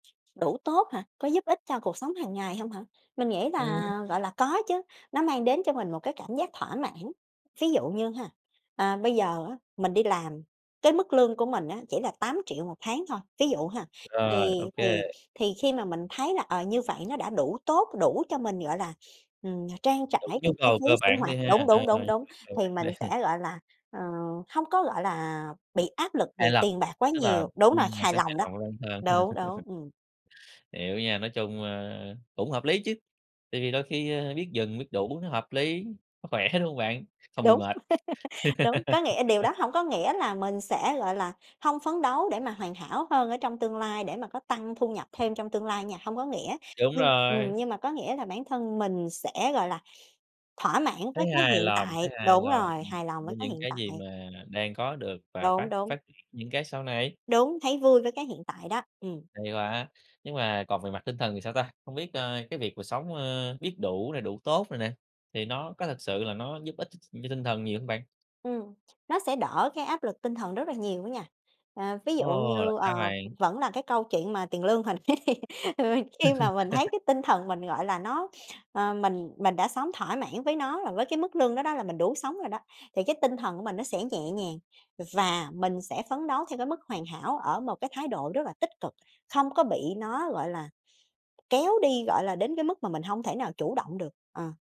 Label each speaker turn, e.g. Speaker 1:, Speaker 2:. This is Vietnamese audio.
Speaker 1: Đủ tốt hả? Có giúp ích cho cuộc sống hàng ngày hông hả? Mình nghĩ
Speaker 2: Ừm.
Speaker 1: là, gọi là, có chứ nó mang đến cho mình một cái cảm giác thỏa mãn. Ví dụ như ha, à, bây giờ á mình đi làm cái mức lương của mình á chỉ là 8.000.000 1 tháng thôi, ví dụ ha,
Speaker 2: Rồi, ô
Speaker 1: thì thì
Speaker 2: kê.
Speaker 1: thì khi mà mình thấy là, ờ, như vậy nó đã đủ tốt, đủ cho mình gọi là, ừm, mà trang trải
Speaker 2: Đủ nhu
Speaker 1: cái chi
Speaker 2: cầu
Speaker 1: phí
Speaker 2: cơ
Speaker 1: sinh
Speaker 2: bản đi
Speaker 1: hoạt
Speaker 2: ha,
Speaker 1: đúng,
Speaker 2: ờ,
Speaker 1: đúng, đúng, đúng
Speaker 2: [unintelligible]
Speaker 1: thì mình
Speaker 2: đi.
Speaker 1: sẽ, gọi là, ờ, hông có, gọi là, bị áp lực về
Speaker 2: Hài lòng,
Speaker 1: tiền bạc quá
Speaker 2: tức là,
Speaker 1: nhiều. Đúng rồi,
Speaker 2: ừm, mình
Speaker 1: hài
Speaker 2: sẽ hài
Speaker 1: lòng đó,
Speaker 2: lòng lên hơn.
Speaker 1: đúng, đúng, ừm.
Speaker 2: Hiểu nha, nói chung, a, cũng hợp lý chứ, tại vì đôi khi, a, biết dừng, biết đủ nó hợp lý, nó khỏe, đúng hông bạn? Không bị
Speaker 1: Đúng,
Speaker 2: mệt.
Speaker 1: đúng, có nghĩa điều đó hông có nghĩa là mình sẽ, gọi là, hông phấn đấu để mà hoàn hảo hơn ở trong tương lai để mà có tăng thu nhập thêm trong tương lai nha, hông có nghĩa,
Speaker 2: Đúng
Speaker 1: nhưng,
Speaker 2: rồi.
Speaker 1: ừm, nhưng mà có nghĩa là bản thân mình sẽ, gọi là, thỏa mãn với
Speaker 2: Thấy
Speaker 1: cái
Speaker 2: hài
Speaker 1: hiện
Speaker 2: lòng,
Speaker 1: tại,
Speaker 2: thấy hài
Speaker 1: đúng
Speaker 2: lòng,
Speaker 1: rồi,
Speaker 2: ừm,
Speaker 1: hài lòng với
Speaker 2: với
Speaker 1: cái
Speaker 2: những
Speaker 1: hiện
Speaker 2: cái gì
Speaker 1: tại.
Speaker 2: mà đang có được và phát
Speaker 1: Đúng, đúng.
Speaker 2: phát triển những cái sau này.
Speaker 1: Đúng, thấy vui với cái hiện tại đó, ừm.
Speaker 2: Hay quá. Nhưng mà còn về mặt tinh thần thì sao ta? Hông biết, a, cái việc mà sống, ơ, biết đủ nè, đủ tốt nè nè, thì nó có thực sự là nó giúp ích ch ch cho tinh thần nhiều hông bạn?
Speaker 1: Ừm, nó sẽ đỡ cái áp lực tinh thần rất là nhiều á nha. À, ví dụ
Speaker 2: Ồ, là
Speaker 1: như,
Speaker 2: sao
Speaker 1: ờ,
Speaker 2: bạn?
Speaker 1: vẫn là cái câu chuyện mà tiền lương hồi nãy đi, vì khi mà mình thấy cái tinh thần mình gọi là nó ờ, mình mình đã sống thỏa mãn với nó và với cái mức lương đó đó là mình đủ sống rồi đó, thì cái tinh thần của mình nó sẽ nhẹ nhàng, ừ, và mình sẽ phấn đấu theo cái mức hoàn hảo ở một cái thái độ rất là tích cực, không có bị nó, gọi là, kéo đi, gọi là, đến cái mức mà mình hông thể nào chủ động được, ờ.